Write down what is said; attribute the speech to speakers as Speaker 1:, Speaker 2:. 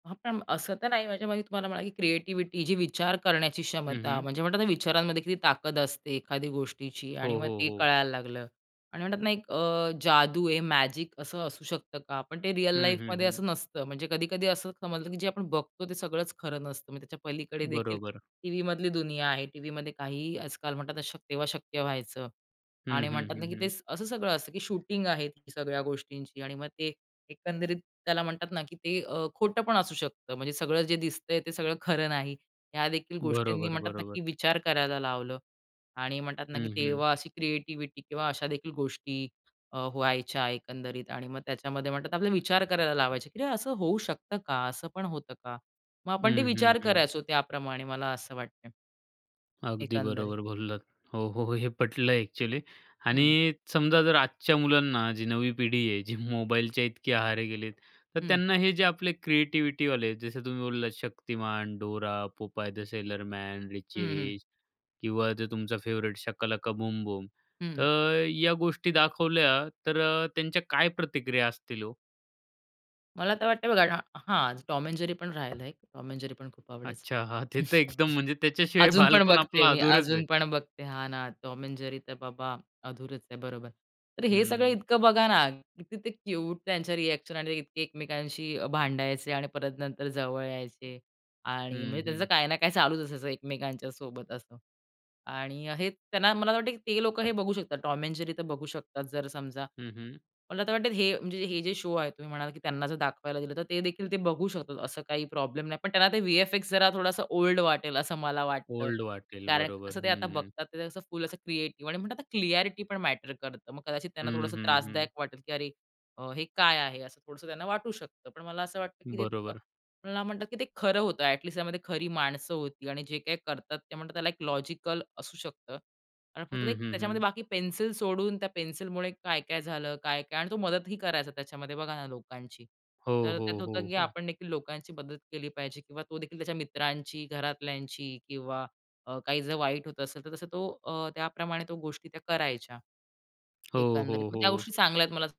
Speaker 1: हां. पण असं तर नाही म्हणजे म्हणजे तुम्हाला म्हणाला, की क्रिएटिव्हिटी जी विचार करण्याची
Speaker 2: हं,
Speaker 1: क्षमता.
Speaker 2: हं.
Speaker 1: म्हणजे म्हणतात ना, विचारांमध्ये किती ताकद असते एखादी गोष्टीची आणि
Speaker 2: हो,
Speaker 1: मग
Speaker 2: हो,
Speaker 1: ते
Speaker 2: हो.
Speaker 1: कळायला लागलं आणि म्हणतात ना, एक अ, जादू आहे मॅजिक असं असू शकतं का? पण ते रिअल
Speaker 2: हं, हं,
Speaker 1: लाईफमध्ये
Speaker 2: हं.
Speaker 1: असं नसतं. म्हणजे कधी-कधी असं समजलं, की जे आपण बघतो ते सगळंच खरं नसतं. मग त्याच्या पलीकडे देखील,
Speaker 2: बरोबर.
Speaker 1: टीव्हीमधली दुनिया आहे. टीव्हीमध्ये काहीही आजकाल म्हणतात तेव्हा शक्य व्हा तेव्हा शक्य व्हायचं
Speaker 2: हं,
Speaker 1: आणि
Speaker 2: हं,
Speaker 1: म्हणतात ना,
Speaker 2: हं,
Speaker 1: की ते
Speaker 2: हं.
Speaker 1: स असं सगळं असतं, की शूटिंग आहे, ती सगळ्या गोष्टींची आणि मग ते एकंदरीत त्याला म्हणतात ना, की ते अ, खोटं पण असू शकतं. म्हणजे सगळं जे दिसतंय ते सगळं खरं नाही. ह्या देखील गोष्टींनी
Speaker 2: बरोबर,
Speaker 1: म्हणतात ना, की
Speaker 2: बरोबर.
Speaker 1: विचार करायला लावलं. आणि म्हणतात ना, की
Speaker 2: हं, हं.
Speaker 1: तेव्हा अशी क्रिएटिव्हिटी किंवा अशा देखील गोष्टी अ, व्हायच्या एकंदरीत आणि मग त्याच्यामध्ये म्हणतात ना, आपला विचार करायला लावायचे, की असं होऊ शकतं का? असं पण होतं का? मग आपण ते
Speaker 2: हं, हं,
Speaker 1: विचार
Speaker 2: हं.
Speaker 1: करायचो त्याप्रमाणे मला असं वाटतंय.
Speaker 2: अगदी
Speaker 1: एकंदरीत.
Speaker 2: बरोबर बोललात. हो, हो. हे पटलं एक्चुअली आणि
Speaker 1: हं.
Speaker 2: समजा जर आजच्या मुलांना, जी नवी पिढी आहे जी मोबाईलच्या इतकी आहारी गेली आहे. तर
Speaker 1: हं.
Speaker 2: त्यांना हे जे आपले क्रिएटिव्हिटीवाले आहेत, जसं तुम्ही बोललात शक्तिमान, डोरा, पोपाय द सेलर मैन, रिची
Speaker 1: हं, हं.
Speaker 2: रिच किंवा जो तुमचा फेवराइट शाका लाका बूम बूम.
Speaker 1: हं.
Speaker 2: तर या गोष्टी दाखवल्या तर अ, त्यांच्या काय प्रतिक्रिया असतील हो?
Speaker 1: मला तर वाटतंय बघा हां, हां, टॉम एंड जेरी पण राहिलंय, टॉम एंड जेरी पण खूप आवडायचं.
Speaker 2: अच्छा, हां, ते तर एकदम म्हणजे त्याच्याशिवाय
Speaker 1: अजून पण
Speaker 2: बालपण
Speaker 1: बघते
Speaker 2: आपलं
Speaker 1: मी,
Speaker 2: अधुरंच आहे.
Speaker 1: अजून पण बघते. हा ना, टॉम एंड जेरी तर बाबा, अधुरंच आहे बरोबर. तर हे सगळं
Speaker 2: हं.
Speaker 1: इतकं बघा ना, किती ते क्यूट त्यांच्या रिएक्शन आणि इतके एकमेकांशी अ, भांडायचे आणि परत नंतर जवळ यायचे आणि
Speaker 2: हं,
Speaker 1: म्हणजे त्याचं
Speaker 2: हं.
Speaker 1: काही ना काही चालूच असायचं एकमेकांच्या सोबत असं आणि हे त्यांना मला असं वाटत, की ते लोकं हे बघू शकतात, टॉम एंड जेरी तर बघू शकतात जर समजा
Speaker 2: हं, हं.
Speaker 1: मला आता वाटतं, हे म्हणजे हे जे शो आहे, तुम्ही म्हणालात, की त्यांना जर दाखवायला दिलं तर ते देखील ते बघू शकतात, असं काही प्रॉब्लेम नाही. पण त्यांना ते व्हीएफएक्स जरा थोडासा ओल्ड वाटेल असं मला वाटतं.
Speaker 2: ओल्ड वाटेल,
Speaker 1: कारण
Speaker 2: बरोबर,
Speaker 1: कसं ते आता
Speaker 2: हं, हं.
Speaker 1: बघतात ते असं फुल असं क्रिएटिव्ह आणि म्हणतात आता क्लॅरिटी पण मॅटर करतं. मग कदाचित त्यांना
Speaker 2: हं,
Speaker 1: थोडंसं
Speaker 2: हं,
Speaker 1: त्रासदायक
Speaker 2: हं.
Speaker 1: वाटेल, की "अरे अ, हे काय आहे?" असं थोडसं त्यांना वाटू शकतं. पण मला असं वाटतं, की ते अ,
Speaker 2: बरोबर.
Speaker 1: मला म्हणतात, की ते खरं होतं, ॲट लीस्ट त्यामध्ये खरी माणसं होती आणि जे काही करतात ते म्हणतात त्याला एक लॉजिकल असू शकतं आणि फक्त ते
Speaker 2: हं,
Speaker 1: एक,
Speaker 2: हं,
Speaker 1: त्याच्यामध्ये
Speaker 2: हं.
Speaker 1: बाकी पेन्सिल सोडून त्या पेन्सिलमुळे काय-काय झालं काय-काय आणि तो मदतही करायचा त्याच्यामध्ये बघा ना, लोकांची.
Speaker 2: हो,
Speaker 1: तर त्यात
Speaker 2: हो,
Speaker 1: होतं,
Speaker 2: हो,
Speaker 1: की
Speaker 2: हो.
Speaker 1: आपण देखील लोकांची मदत केली पाहिजे किंवा तो देखील त्याच्या मित्रांची, घरातल्यांची किंवा अ, काही जर वाईट होत असेल तर तसं तो अ, त्याप्रमाणे तो गोष्टी त्या करायच्या,
Speaker 2: हो,
Speaker 1: एकंदरीत.
Speaker 2: हो,
Speaker 1: मग त्या
Speaker 2: हो.
Speaker 1: गोष्टी चांगल्या आहेत मला असं